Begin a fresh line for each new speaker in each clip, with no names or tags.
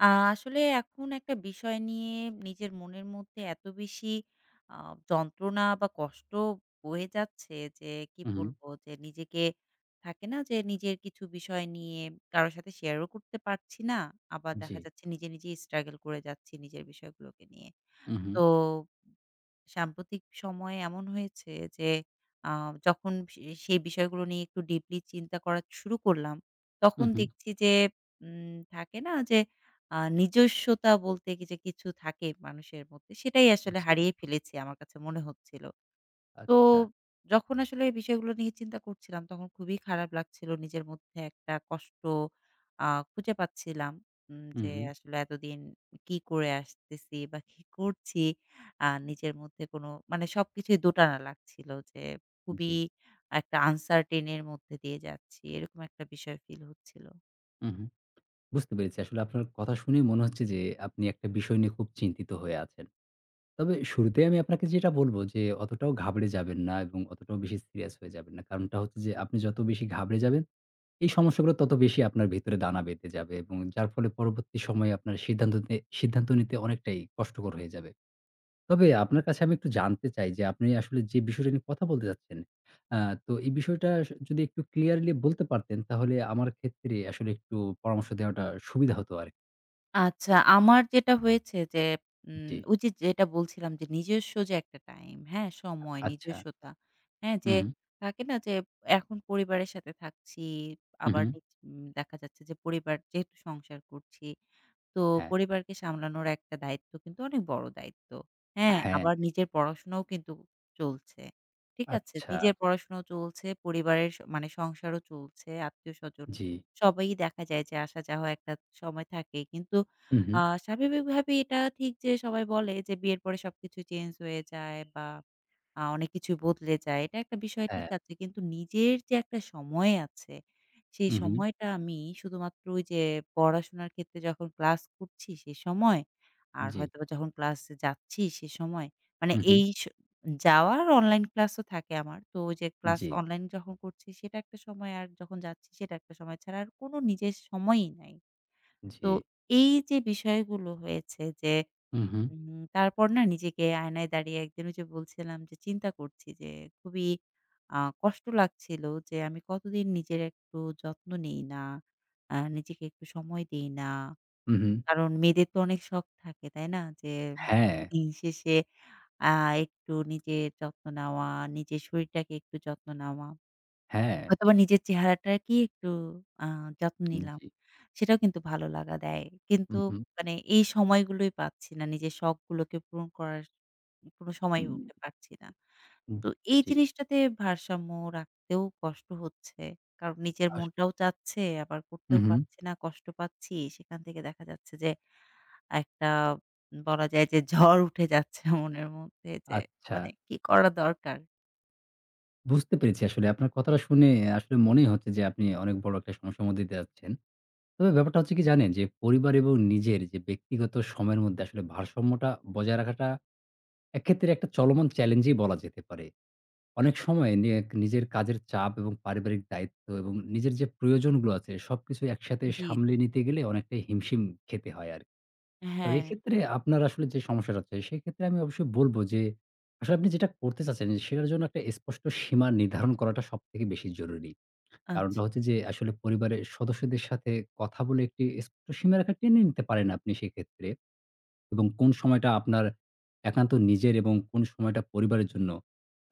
আ আসলে এখন একটা বিষয় নিয়ে নিজের মনের মধ্যে এত বেশি আ যন্ত্রণা বা কষ্ট বয়ে যাচ্ছে যে, কি
হু, হুম।
বলবো? যে নিজেকে থাকে না? যে নিজের কিছু বিষয় নিয়ে কারো সাথে শেয়ারও করতে পারছি না। আবার দেখা
জি।
যাচ্ছে নিজে, নিজেই struggle করে যাচ্ছি নিজের বিষয়গুলোকে নিয়ে। তো
উ-হুম।
সাম্প্রতিক সময়ে এমন হয়েছে যে আ যখন সে সেই বিষয়গুলো নিয়ে একটু deeply চিন্তা করা শুরু করলাম তখন
উ-হুম।
দেখছি যে উম থাকে না? যে আ নিজস্বতা বলতে যে কিছু থাকে মানুষের মধ্যে সেটাই আসলে
জি।
হারিয়ে ফেলেছি আমার কাছে মনে হচ্ছিল। তো
আচ্ছা।
যখন আসলে এই বিষয়গুলো নিয়ে চিন্তা করছিলাম তখন খুবই খারাপ লাগছিল। নিজের মধ্যে একটা কষ্ট আ খুঁজে পাচ্ছিলাম উম যে
উ-হুম।
আসলে এতদিন কি করে আসতেছি বা কি করছি। আ নিজের মধ্যে কোন মানে সবকিছুই দোটানা লাগছিল যে খুবই
জি।
একটা uncertain এর মধ্যে দিয়ে যাচ্ছি, এরকম একটা বিষয় feel হচ্ছিল।
উহুম। বুঝতে পেরেছি। আসলে আপনার কথা শুনেই মনে হচ্ছে যে আপনি একটা বিষয় নিয়ে খুব চিন্তিত হয়ে আছেন। তবে শুরুতেই আমি আপনাকে যেটা বলবো যে অতটাও ঘাবড়ে যাবেন না এবং অতটাও বেশি serious হয়ে যাবেন না। কারণটা হচ্ছে যে, আপনি যত বেশি ঘাবড়ে যাবেন এই সমস্যাগুলো তত বেশি আপনার ভেতরে দানা বেঁধে যাবে এবং যার ফলে পরবর্তী সময়ে আপনার সিদ্ধান্ত তে সিদ্ধান্ত নিতে অনেকটাই কষ্টকর হয়ে যাবে। তবে আপনার কাছে আমি একটু জানতে চাই যে, আপনি আসলে যে বিষয়টা নিয়ে কথা বলতে চাচ্ছেন, আ তো এই বিষয়টা স যদি একটু clearly বলতে পারতেন তাহলে আমার ক্ষেত্রে আসলে একটু পরামর্শ দেওয়াটা সুবিধা হতো আরকি।
আচ্ছা, আমার যেটা হয়েছে যে,
উম
উম
জি।
ওইযে যেটা বলছিলাম যে নিজস্ব যে একটা টাইম, হ্যাঁ?
আ
সময়,
আচ্ছা।
নিজস্বতা হ্যাঁ,
হু,
যে
হু।
থাকে না? যে এখন পরিবারের সাথে থাকছি।
হু,
আবার
হু।
দেখছি দেখা যাচ্ছে যে পরিবার যেহেতু সংসার করছি তো
হ্যাঁ।
পরিবারকে সামলানোর একটা দায়িত্ব কিন্তু অনেক বড় দায়িত্ব। হ্যাঁ,
হ্যাঁ।
আবার নিজের পড়াশোনাও কিন্তু চলছে। ঠিক আছে?
আচ্ছা।
নিজের পড়াশোনাও চলছে, পরিবারের স মানে সংসারও চলছে। আত্মীয়স্বজন
জি।
সবাই দেখা যায় যে আসা যাওয়া একটা সময় থাকে। কিন্তু
হু,
আ
হু।
স্বাভাবিকভাবেই এটা ঠিক যে সবাই বলে যে বিয়ের পরে সবকিছু চেঞ্জ হয়ে যায় বা আ অনেক কিছু বদলে যায়। এটা একটা বিষয় ঠিক
হ্যাঁ।
আছে কিন্তু নিজের যে একটা সময় আছে সেই
হু, হু।
সময়টা আমি শুধুমাত্র ওইযে পড়াশোনার ক্ষেত্রে যখন ক্লাস করছি সে সময় আর
জি।
হয়তোবা যখন ক্লাসে যাচ্ছি সে সময় মানে
হু,
এই
হুম।
স যাওয়া আর অনলাইন ক্লাসও থাকে আমার। তো ওইযে ক্লাস
জি।
অনলাইনে যখন করছি সেটা একটা সময় আর যখন যাচ্ছি সেটা একটা সময় ছাড়া আর কোন নিজের সময়ই নাই। তো
জি।
এইযে বিষয়গুলো হয়েছে যে
হু, হুম।
উম তারপর না নিজেকে আয়নায় দাঁড়িয়ে একদিন ওইযে বলছিলাম যে চিন্তা করছি যে খুবই আ কষ্ট লাগছিল যে আমি কতদিন নিজের একটু যত্ন নেই না, আ নিজেকে একটু সময় দেই না।
হু, হুম।
কারণ মেয়েদের তো অনেক শখ থাকে, তাই না? যে
হ্যাঁ।
দিনশেষে আ একটু নিজের যত্ন নেওয়া, নিজের শরীরটাকে একটু যত্ন নেওয়া
হ্যাঁ।
হয়তোবা নিজের চেহারাটাকে একটু আ যত্ন
উম
নিলাম।
জি।
সেটাও কিন্তু ভালো লাগা দেয়। কিন্তু
হুম, হুম।
মানে এই সময়গুলোই পাচ্ছি না। নিজের শখগুলোকে পূরণ করার কোন সময়ই
হুম।
উঠে পাচ্ছি না।
হুম
তো এই
জি।
জিনিসটাতে ভারসাম্য রাখতেও কষ্ট হচ্ছে। কারণ নিজের
আস
মনটাও চাচ্ছে আবার
হু,
করতেও
হুম।
পারছি না। কষ্ট পাচ্ছি সেখান থেকে দেখা যাচ্ছে যে একটা বলা যায় যে ঝড় উঠে যাচ্ছে মনের মধ্যে যে, "মানে
আচ্ছা।
কি করা দরকার?"
বুঝতে পেরেছি আসলে আপনার কথাটা শুনে আসলে মনেই হচ্ছে যে, আপনি অনেক বড় একটা সমস্যার মধ্যে দিয়ে যাচ্ছেন। তবে ব্যাপারটা হচ্ছে কি জানেন যে, পরিবার এবং নিজের যে ব্যক্তিগত সময়ের মধ্যে আসলে ভারসাম্যটা বজায় রাখাটা এক ক্ষেত্রে একটা চলমান challenge-ই বলা যেতে পারে। অনেক সময় নিয়েক নিজের কাজের চাপ এবং পারিবারিক দায়িত্ব এবং নিজের যে প্রয়োজনগুলো আছে, সবকিছুই একসাথে
জি, জি।
সামলে নিতে গেলে অনেকটাই হিমশিম খেতে হয় আর তবে
হ্যাঁ।
এক্ষেত্রে আপনার আসলে যে সমস্যাটা হচ্ছে, সেক্ষেত্রে আমি অবশ্যই বলব যে, "আসলে আপনি যেটা করতে চাচ্ছেন, সেটার জন্য একটা স্পষ্ট সীমা নির্ধারণ করাটা সবথেকে বেশি জরুরি।"
আচ্ছা।
কারণটা হচ্ছে যে, আসলে পরিবারের সদস্যদের সাথে কথা বলে একটি স্পষ্ট সীমা রেখা টেনে নিতে পারেন আপনি সেক্ষেত্রে এবং কোন সময়টা আপনার একান্ত নিজের এবং কোন সময়টা পরিবারের জন্য,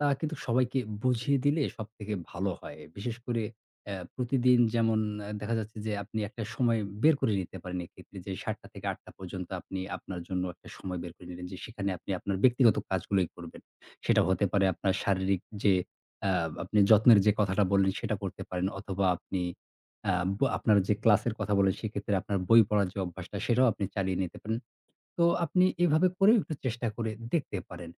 তা কিন্তু সবাইকে বুঝিয়ে দিলে সবথেকে ভালো হয়। বিশেষ করে এ প্রতিদিন যেমন আ দেখা যাচ্ছে যে আপনি একটা সময় বের করে নিতে পারেন এক্ষেত্রে যে, ৭:০০-৮:০০ পর্যন্ত আপনি আপনার জন্য একটা সময় বের করে নিলেন যে, সেখানে আপনি আপনার ব্যক্তিগত কাজগুলোই করবেন। সেটা হতে পারে আপনার শারীরিক যে আ আপনি যত্নের যে কথাটা বললেন, সেটা করতে পারেন অথবা আপনি আ ব আপনার যে class-এর কথা বললেন, সেক্ষেত্রে আপনার বই পড়ার যে অভ্যাসটা, সেটাও আপনি চালিয়ে নিতে পারেন। তো আপনি এভাবে করেও একটু চেষ্টা করে দেখতে পারেন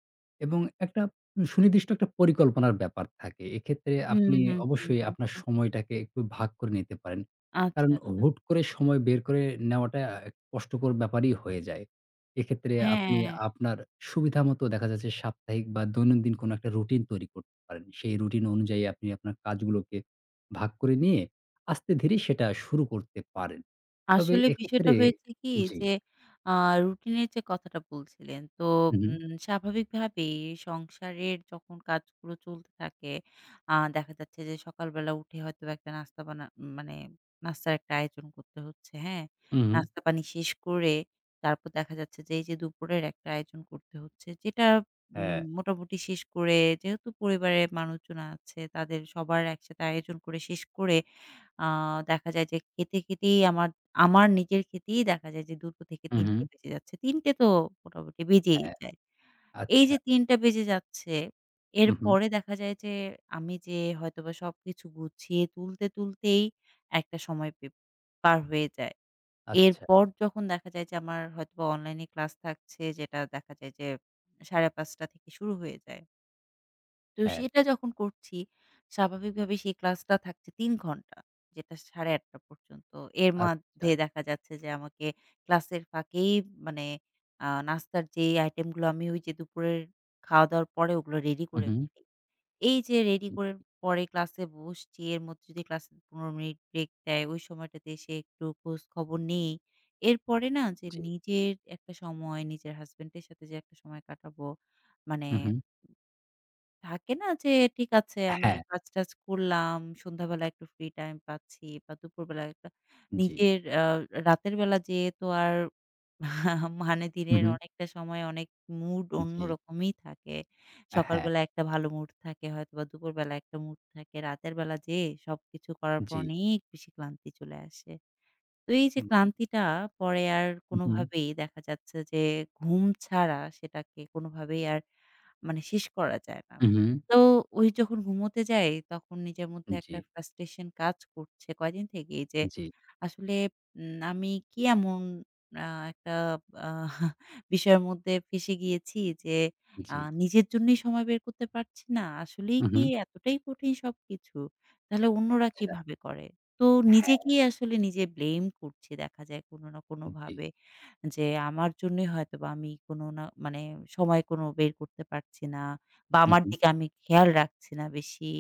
এবং একটা উ সুনির্দিষ্ট একটা পরিকল্পনার ব্যাপার থাকে। এক্ষেত্রে
হু,
আপনি
হুম, হু।
অবশ্যই আপনার
[unintelligible]
সময়টাকে একটু ভাগ করে নিতে পারেন।
আচ্ছা,
কারণ
আচ্ছা।
হুট করে সময় বের করে নেওয়াটা আ কষ্টকর ব্যাপারই হয়ে যায়। এক্ষেত্রে আপনি
হ্যাঁ।
আপনার সুবিধামত দেখা যাচ্ছে সাপ্তাহিক বা দৈনন্দিন কোনো একটা routine তৈরি করতে পারেন। সেই routine অনুযায়ী আপনি আপনার কাজগুলোকে ভাগ করে, নিয়ে আস্তে ধীরে সেটা শুরু করতে পারেন। তবে
আসলে বিষয়টা
এক্ষেত্রে
হয়েছে কি
জি।
যে আ routine -এর যে কথাটা বলছিলেন, তো
হু, হু।
উম স্বাভাবিকভাবেই সংসারের যখন কাজগুলো চলতে থাকে, আ দেখা যাচ্ছে যে সকালবেলা উঠে হয়তোবা একটা নাস্তা বানা মানে নাস্তার একটা আয়োজন করতে হচ্ছে, হ্যাঁ?
উ হুম।
নাস্তা-পানি শেষ করে তারপর দেখা যাচ্ছে যে এইযে দুপুরের একটা আয়োজন করতে হচ্ছে, যেটা উম
হ্যাঁ।
মোটামুটি শেষ করে যেহেতু পরিবারের মানুষজন আছে, তাদের সবার একসাথে আয়োজন করে শেষ করে, আ দেখা যায় যে খেতে, খেতেই আমার আমার নিজের খেতেই দেখা যায় যে ২:০০ থেকে
উ
৩:০০
হুম।
বেজে যাচ্ছে। ৩:০০ তো মোটামুটি বেজেই
হ্যাঁ।
যায়। এই
আচ্ছা।
যে ৩:০০ বেজে যাচ্ছে,
উ হুম।
এরপরে দেখা যায় যে আমি যে হয়তোবা সবকিছু গুছিয়ে তুলতে, তুলতেই একটা সময় পে পার হয়ে যায়।
আচ্ছা।
এরপর যখন দেখা যায় যে আমার হয়তোবা online-এ class থাকছে যেটা দেখা যায় যে ৫:৩০ থেকে শুরু হয়ে যায়। তো
হ্যাঁ।
সেটা যখন করছি, স্বাভাবিকভাবেই সেই ক্লাসটা থাকছে ৩ ঘণ্টা, যেটা ০৮ঃ৩০ পর্যন্ত। এর মধ্যে
আচ্ছা।
দেখা যাচ্ছে যে আমাকে ক্লাসের ফাঁকেই মানে আ নাস্তার যেই item গুলো আমি ওইযে দুপুরের খাওয়া-দাওয়ার পরে ওগুলো রেডি
হু,
করে
হুম।
ফেলি। এইযে রেডি করে
[unintelligible]
পরে ক্লাসে বসছি, এর মধ্যে যদি ক্লাসে ১৫ মিনিট break দেয়, ওই সময়টাতে এসে একটু খোঁজ খবর নেই। এরপরে না যে
জি।
নিজের একটা সময়, নিজের হাজবেন্ডের সাথে যে একটা সময় কাটাবো। মানে
হু, হু।
থাকে না যে, ঠিক আছে
আ
আমি
হ্যা।
কাজ-টাজ করলাম, সন্ধ্যাবেলা একটু free time পাচ্ছি বা দুপুরবেলা একটা
জি।
নিজের আ রাতের বেলা যেয়ে তো আর মানে
হু,
দিনের
হু।
অনেকটা সময় অনেক mood
উ জি।
অন্যরকমই থাকে।
আ হ্যা।
সকালবেলা একটা ভালো mood থাকে হয়তোবা দুপুরবেলা একটা mood থাকে। রাতের বেলা যেয়ে, সবকিছু করার পর
জি।
অনেক বেশি ক্লান্তি চলে আসে। তো এইযে
হু, হু।
ক্লান্তিটা পরে আর
হু, হু।
কোনোভাবেই দেখা যাচ্ছে যে ঘুম ছাড়া, সেটাকে কোনোভাবেই আর মানে শেষ করা যায় না।
হু, হু।
তো ওই যখন ঘুমোতে যাই, তখন নিজের
উ
মধ্যে একটা
জি।
frustration কাজ করছে কয়েকদিন থেকেই যে,
জি।
"আসলে উম আমি কি এমন আ একটা বিষয়ের মধ্যে ফেঁসে গিয়েছি যে, আ
জি।
নিজের জন্যই সময় বের করতে পারছি না! আসলেই
হু,
কি
হু।
এতটাই কঠিন সবকিছু? তাহলে অন্যরা
আচ্ছা।
কিভাবে করে!" তো
হ্যাঁ।
নিজেকেই আসলে নিজে blame করছি দেখা যায় কোনো না
উম জি।
কোনোভাবে যে, "আমার জন্যই হয়তো বা আমি কোনো না মানে সময় কোনো বের করতে পারছি না বা
হু,
আমার
হু।
দিকে আমি খেয়াল রাখছি না বেশি।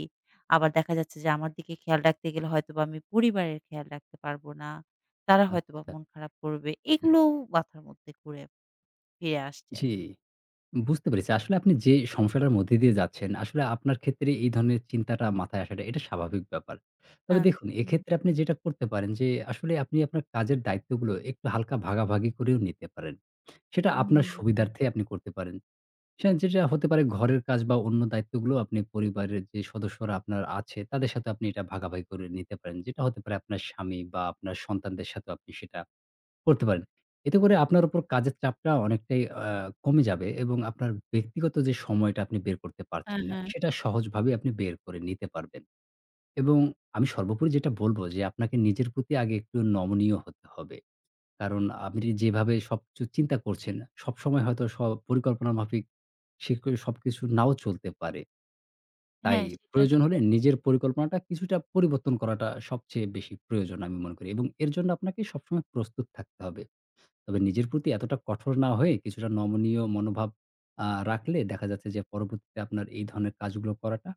আবার দেখা যাচ্ছে যে আমার দিকে খেয়াল রাখতে গেলে হয়তোবা আমি পরিবারের খেয়াল রাখতে পারবো না। তারা হয়তোবা
আচ্ছা।
মন খারাপ করবে।" এইগুলোও মাথার মধ্যে ঘুরে ফিরে আসছে আর
জি। বুঝতে পেরেছি। আসলে আপনি যে সমস্যাটার মধ্যে দিয়ে যাচ্ছেন, আসলে আপনার ক্ষেত্রে এই ধরনের চিন্তাটা মাথায় আসাটা এটা স্বাভাবিক ব্যাপার।
আ
তবে দেখুন,
হুম,
এক্ষেত্রে
হুম।
আপনি যেটা করতে পারেন যে, আসলে আপনি আপনার কাজের দায়িত্বগুলো, একটু হালকা ভাগাভাগি করেও নিতে পারেন। সেটা
উ-হুম,
আপনার
হুম
সুবিধার্থে
আচ্ছা।
আপনি করতে পারেন। সেন যেটা হতে পারে ঘরের কাজ বা অন্য দায়িত্বগুলো আপনি পরিবারের যে সদস্যরা আপনার আছে, তাদের সাথে আপনি এটা ভাগাভাগি করে নিতে পারেন। যেটা হতে পারে আপনার স্বামী বা আপনার সন্তানদের সাথেও আপনি সেটা করতে পারেন। এতে করে আপনার উপর কাজের চাপটা অনেকটাই আ কমে যাবে এবং আপনার ব্যক্তিগত যে সময়টা আপনি বের করতে
আ
পারছেন না,
হ্যাঁ।
সেটা সহজভাবে আপনি বের করে নিতে পারবেন। এবং আমি সর্বোপরি যেটা বলবো যে, "আপনাকে নিজের প্রতি আগে একটু নমনীয় হতে হবে।" কারণ আপনি যেভাবে সবকিছু চিন্তা করছেন, সবসময় হয়তো স পরিকল্পনা মাফিক সেক সবকিছু নাও চলতে পারে।
হ্যা।
তাই
সেটা
প্রয়োজন হলে
[unintelligible]
নিজের পরিকল্পনাটা কিছুটা পরিবর্তন করাটা সবচেয়ে বেশি প্রয়োজন আমি মনে করি এবং এর জন্য আপনাকে সবসময় প্রস্তুত থাকতে হবে। তবে নিজের প্রতি এতটা কঠোর না হয়ে, কিছুটা নমনীয় মনোভাব আ রাখলে দেখা যাচ্ছে যে পরবর্তীতে আপনার এই ধরনের কাজগুলো করাটা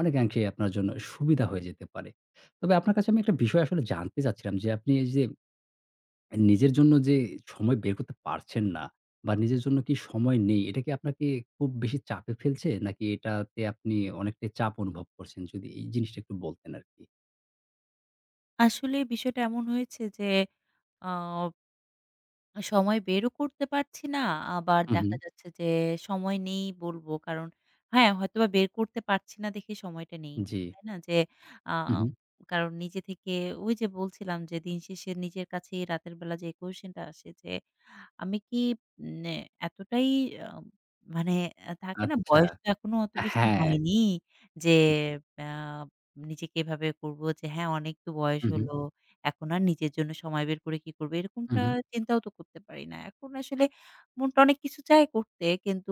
অনেকাংশে আপনার জন্য সুবিধা হয়ে যেতে পারে। তবে আপনার কাছে আমি একটা বিষয় আসলে জানতে চাচ্ছিলাম যে, আপনি এইযে অ্যা নিজের জন্য যে সময় বের করতে পারছেন না বা নিজের জন্য কি সময় নেই, এটা কি আপনাকে খুব বেশি চাপে ফেলছে? নাকি এটাতে আপনি অনেকটাই চাপ অনুভব করছেন? যদি এই জিনিসটা একটু বলতেন আরকি।
আসলে বিষয়টা এমন হয়েছে যে আ সময় বেরও করতে পারছি না। আবার
হু,
দেখা
হু।
যাচ্ছে যে সময় নেই বলবো। কারণ হ্যাঁ, হয়তোবা বের করতে পারছি না দেখে সময়টা নেই।
জি।
তাই না? যে আ
হু, হু।
কারণ নিজে থেকে ওইযে বলছিলাম যে দিনশেষে নিজের কাছেই রাতের বেলা যে question-টা আসে যে আমি কি উম এ এতটাই আম মানে এ থাকে না
আচ্ছা।
বয়স তো এখনো অত বেশি
হ্যাঁ।
হয়নি যে
জি।
আ নিজেকে এভাবে বলবো যে হ্যাঁ, অনেক তো বয়স
হু, হু।
হলো। এখন আর নিজের জন্য সময় বের করে কি করব?
হু,
এরকমটা
হু।
চিন্তাও তো করতে পারি না। এখন আসলে মনটা অনেক কিছু চায় করতে। কিন্তু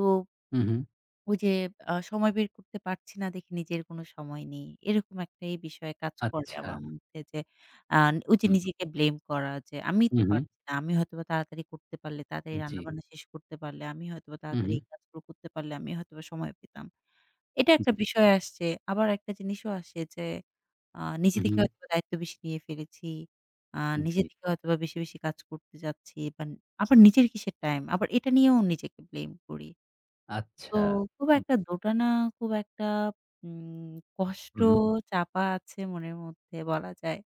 হু, হু।
ওই যে আ সময় বের করতে পারছি না দেখে নিজের কোনো সময় নেই। এরকম একটাই বিষয় কাজ করে
আচ্ছা।
আমার মধ্যে যে আ ওই যে
হু।
নিজেকে blame করা যে আমি
হু,
তো
হু।
পারছি না। আমি হয়তোবা তাড়াতাড়ি করতে পারলে, তাড়াতাড়ি
উম জি।
রান্না-বান্না শেষ করতে পারলে, আমি হয়তোবা
হু,
তাড়াতাড়ি
হু।
এই কাজগুলো করতে পারলে আমি হয়তোবা সময় পেতাম। এটা একটা
জি।
বিষয় আসছে। আবার একটা জিনিসও আসে যে আ নিজে
হু,
থেকে
হু।
হয়তোবা দায়িত্ব বেশি নিয়ে ফেলেছি। আ নিজে
জি।
থেকে হয়তোবা বেশি, বেশি কাজ করতে চাচ্ছি বা আবার নিজের কিসের time? আবার এটা নিয়েও নিজেকে blame করি। তো
আচ্ছা।
খুব
হু।
একটা দোটানা, খুব একটা উম কষ্ট
হু, হু।
চাপা আছে মনের মধ্যে বলা যায়।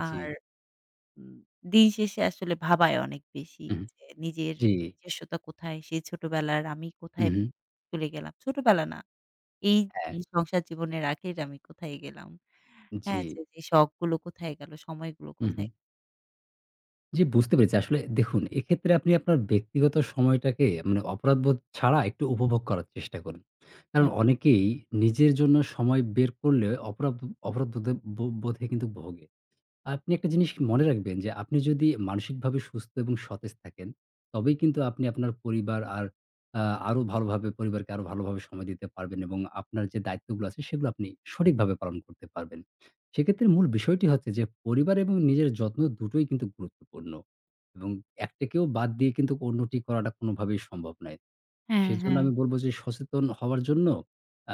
আর
জি।
উ দিনশেষে আসলে ভাবায় অনেক বেশি
হু, হু।
যে নিজের
জি।
নিজস্বতা কোথায়? সেই ছোটবেলার আমি
হু,
কোথায়
হু।
চলে গেলাম? ছোটবেলা না, এই
হ্যাঁ।
সংসার জীবনের আগেকার আমি কোথায় গেলাম? হ্যাঁ, যে,
জি।
যে শখগুলো কোথায় গেল? সময়গুলো
হু,
কোথায়?
হু। জি। বুঝতে পেরেছি। আসলে দেখুন, এক্ষেত্রে আপনি আপনার ব্যক্তিগত সময়টাকে মানে অপরাধবোধ ছাড়া একটু উপভোগ করার চেষ্টা করুন। কারণ
আচ্ছা।
অনেকেই নিজের জন্য সময় বের করলে অপরাধ অপরাধবোদে ব বোধে কিন্তু ভোগে। আপনি একটা জিনিস মনে রাখবেন যে আপনি যদি মানসিকভাবে সুস্থ এবং সতেজ থাকেন তবেই কিন্তু আপনি আপনার পরিবার আর আ আরও ভালোভাবে পরিবারকে আরও ভালোভাবে সময় দিতে পারবেন এবং আপনার যে দায়িত্বগুলা আছে সেগুলা আপনি সঠিকভাবে পালন করতে পারবেন। সেক্ষেত্রে মূল বিষয়টি হচ্ছে যে পরিবার এবং নিজের যত্ন দুটোই কিন্তু গুরুত্বপূর্ণ এবং একটাকেও বাদ দিয়ে কিন্তু অন্যটি করাটা কোনোভাবেই সম্ভব নয়।
হ্যাঁ,
সেজন্য
হ্যাঁ।
আমি বলব যে সচেতন হওয়ার জন্য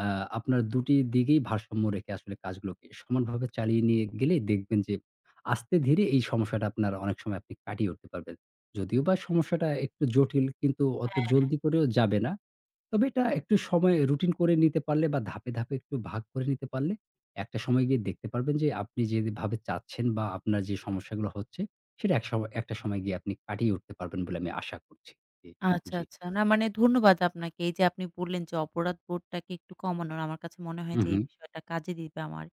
আ আপনার ২ টি দিকেই ভারসাম্য রেখে আসলে কাজগুলোকে সমানভাবে চালিয়ে নিয়ে গেলে দেখবেন যে আস্তে ধীরে এই সমস্যাটা আপনার অনেক সময় আপনি কাটিয়ে উঠতে পারবেন। যদিও বা সমস্যাটা একটু জটিল কিন্তু অত
হ্যাঁ।
জলদি করেও যাবে না। তবে এটা একটু সময় রুটিন করে নিতে পারলে বা ধাপে, ধাপে একটু ভাগ করে নিতে পারলে একটা সময় গিয়ে দেখতে পারবেন যে আপনি যেভাবে চাচ্ছেন বা আপনার যে সমস্যাগুলো হচ্ছে সেটা এক শ একটা সময় গিয়ে আপনি কাটিয়ে উঠতে পারবেন বলে আমি আশা করছি। এ
আচ্ছা,
জী।
আচ্ছা। না, মানে ধন্যবাদ আপনাকে। এইযে আপনি বললেন যে অপরাধবোধটাকে একটু কমানোর, না আমার কাছে মনে হয়
হু,
যে এই
হু।
বিষয়টা কাজে দিবে আমার।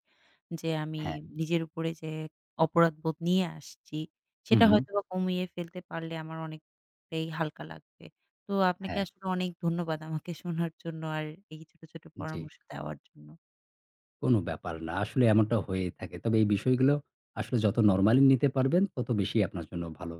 যে আমি
হ্যাঁ।
নিজের উপরে যে অপরাধবোধ নিয়ে আসছি
হু,
সেটা
হু।
হয়তোবা কমিয়ে ফেলতে পারলে আমার অনেকটাই হালকা লাগবে। তো আপনাকে
হ্যাঁ।
আসলে অনেক ধন্যবাদ আমাকে শোনার জন্য আর এই ছোট, ছোট
জী।
পরামর্শ দেওয়ার জন্য।
কোনো ব্যাপার না। আসলে এমনটা হয়েই থাকে। তবে এই বিষয়গুলো আসলে যত নরমালি নিতে পারবেন তত বেশিই আপনার জন্য ভালো।